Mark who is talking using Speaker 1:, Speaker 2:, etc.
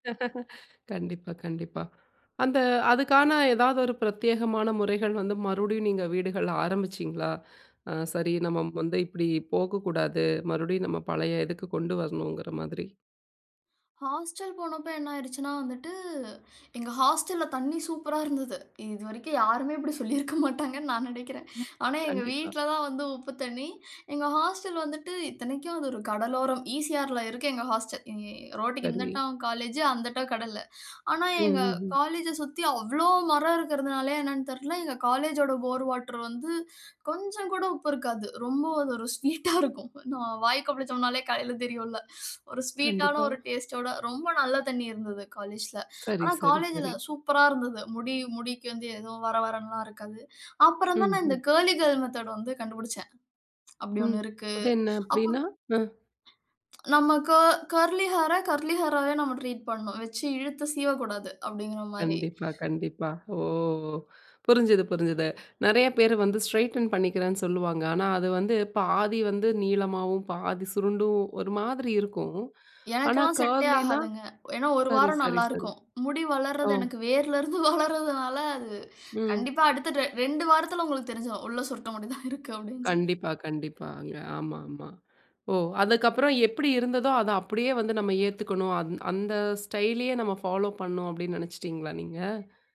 Speaker 1: கண்டிப்பா. கண்டிப்பா. அந்த அதுக்கான, ஏதாவது ஒரு பிரத்யேகமான முறைகள் வந்து, மறுபடியும் நீங்க வீடுகள்ல ஆரம்பிச்சீங்களா? ஆ. சரி நம்ம வந்து இப்படி போகக்கூடாது. மறுபடியும் நம்ம பழைய இதுக்கு கொண்டு வரணும்ங்கிற மாதிரி.
Speaker 2: ஹாஸ்டல் போனப்ப என்ன ஆயிருச்சுன்னா, வந்துட்டு எங்க ஹாஸ்டல்ல தண்ணீ சூப்பரா இருந்தது. இதுவரைக்கும் யாருமே இப்படி சொல்லிருக்க மாட்டாங்கன்னு நான் நினைக்கிறேன்.
Speaker 1: ம்.
Speaker 2: ஆனா, எங்க
Speaker 1: கண்டிப்பா.
Speaker 2: வீட்ல தான் வந்து உப்பு தண்ணீ. எங்க ஹாஸ்டல் வந்துட்டு இத்தனைக்கும், அது ஒரு கடலோரம். இசிஆர்ல இருக்கு, எங்க ஹாஸ்டல். இ ரோட்க்கு
Speaker 1: கருவி.
Speaker 2: இந்தட்டம் காலேஜூ அந்தட்டம் கடலு. ஆனா,
Speaker 1: ம்,
Speaker 2: எங்க
Speaker 1: ம், ம்.
Speaker 2: காலேஜ சுத்தி அவ்ளோ மரம் இருக்கதனாலயா, என்னன்னு தெரியல. எங்க காலேஜோட போர் வாட்டர் வந்து கொஞ்சம் கூட உப்பு இருக்காது. ரொம்ப அது ஒரு ஸ்வீட்டா இருக்கும். நாம வாய் கொப்பளிச்சோம்னாலே, காலைல தெரியும்ல. ஒரு ஸ்வீட்டான
Speaker 1: கண்டிப்பா.
Speaker 2: ஒரு டேஸ்டோட, ரொம்ப நல்ல தண்ணீ இருந்தது, காலேஜ்ல.
Speaker 1: சரி,
Speaker 2: ஆனா,
Speaker 1: சரி,
Speaker 2: காலேஜ்ல
Speaker 1: சரி.
Speaker 2: சூப்பரா இருந்தது. முடி முடிக்கு வந்து எதுவும், வர வரன்னுலாம் இருக்காது. அப்புறம் தான்
Speaker 1: ம்,
Speaker 2: நான் இந்த
Speaker 1: ம்.
Speaker 2: கர்லி கேர்ள் மெத்தட் வந்து கண்டுபிடிச்சேன். அப்பிடி
Speaker 1: ம்.
Speaker 2: ஒண்ணு இருக்கு.
Speaker 1: அது என்ன?
Speaker 2: அப்ப
Speaker 1: அப்பிடின்னா? ஆ.
Speaker 2: நம்ம க கர்லி ஹேர, கர்லி ஹேராவே நம்ம ட்ரீட் பண்ணணும். வைச்சு இழுத்து சீவக்கூடாது அப்பிடீங்கிற மாரி.
Speaker 1: கண்டிப்பா, கண்டிப்பா. ஓ, ஓ. புரிஞ்சது, புரிஞ்சுது. நிறைய பேரு வந்து ஸ்ட்ரெய்டன் பண்ணிக்கிறேன்னு சொல்லுவாங்க. ஆனா, அது வந்து பாதி வந்து நீளமாவும், பாதி சுருண்டும் ஒரு மாதிரி இருக்கும். ஆனா,
Speaker 2: எனக்கெல்லாம் செட்டே
Speaker 1: கர்லினா,
Speaker 2: ஆகாதுங்க. ஏன்னா, 1
Speaker 1: சரி,
Speaker 2: வாரம்
Speaker 1: சரி,
Speaker 2: நல்லா
Speaker 1: சரி.
Speaker 2: இருக்கும். முடி வளர்றது
Speaker 1: ஓ.
Speaker 2: எனக்கு வேரில இருந்து வளர்வதால, அது
Speaker 1: ம்.
Speaker 2: கண்டிப்பா அடுத்த ட 2 வாரத்தில உங்களுக்கு தெரிஞ்சிரும். உள்ள சுருட்ட முடி தான் இருக்கு, அப்பிடீன்னு சொல்லி.
Speaker 1: கண்டிப்பா, கண்டிப்பாங்க. ஆமா, ஆமா. ஓ! அதுக்கப்புறம் எப்பிடி இருந்ததோ, அத அப்பிடியே வந்து நம்ம ஏத்துக்கணும். அந் அந்த ஸ்டைல்லயே நம்ம பாலோ பண்ணனும் அப்பிடீன்னு நினைச்சிட்டீங்களா, நீங்க?